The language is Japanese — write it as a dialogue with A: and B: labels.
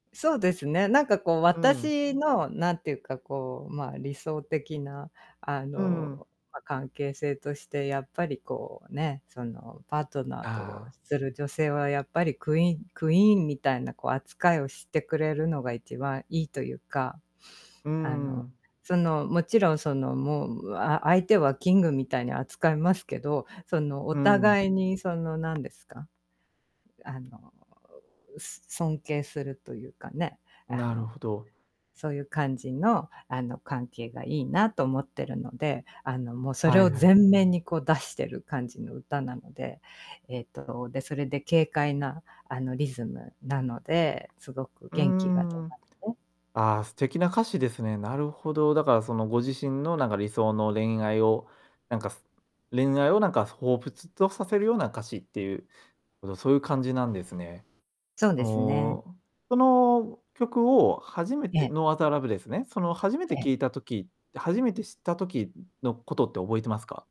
A: そうですね、なんかこう、
B: うん。
A: 私のなんていうか、こう、まあ、理想的なあ
B: うん。
A: の、まあ、関係性としてやっぱりこう、ね、その、パートナーと
B: ああ。
A: する女性はやっぱりクイーンクイーンみたいなこう、扱いをしてくれるのが一番いいというか。
B: う
A: あの、
B: ん。
A: その、もちろんその、もう、あ相手はキングみたいに扱いますけど、その、お
B: うん。
A: 互いにその、なんですか。あの、ううす尊敬するというかね、あ
B: なる
A: の、
B: ほど。
A: そういう感じのあの、関係がいいなと思ってるので、あの、もうそれ
B: はい
A: を
B: はい。
A: 前面に、こう、出してる感じの歌なので、えっと、で、それで軽快なあの、リズムなので、凄く
B: うー
A: 元気が出
B: ん。
A: ますね。
B: ああ、素敵な歌詞ですね、なるほど、だからその、ご自身のなんか理想の恋愛をなんか、す恋愛をなんか彷彿とさせるような歌詞っていう、おどそういう感じなんですね。
A: そうですね。
B: の、その曲を初め
A: え
B: て
A: え。
B: No Other Love ですね、その初め
A: え
B: て
A: え。
B: 聞いた時、で、初めて知った時、うのことって覚えてますか？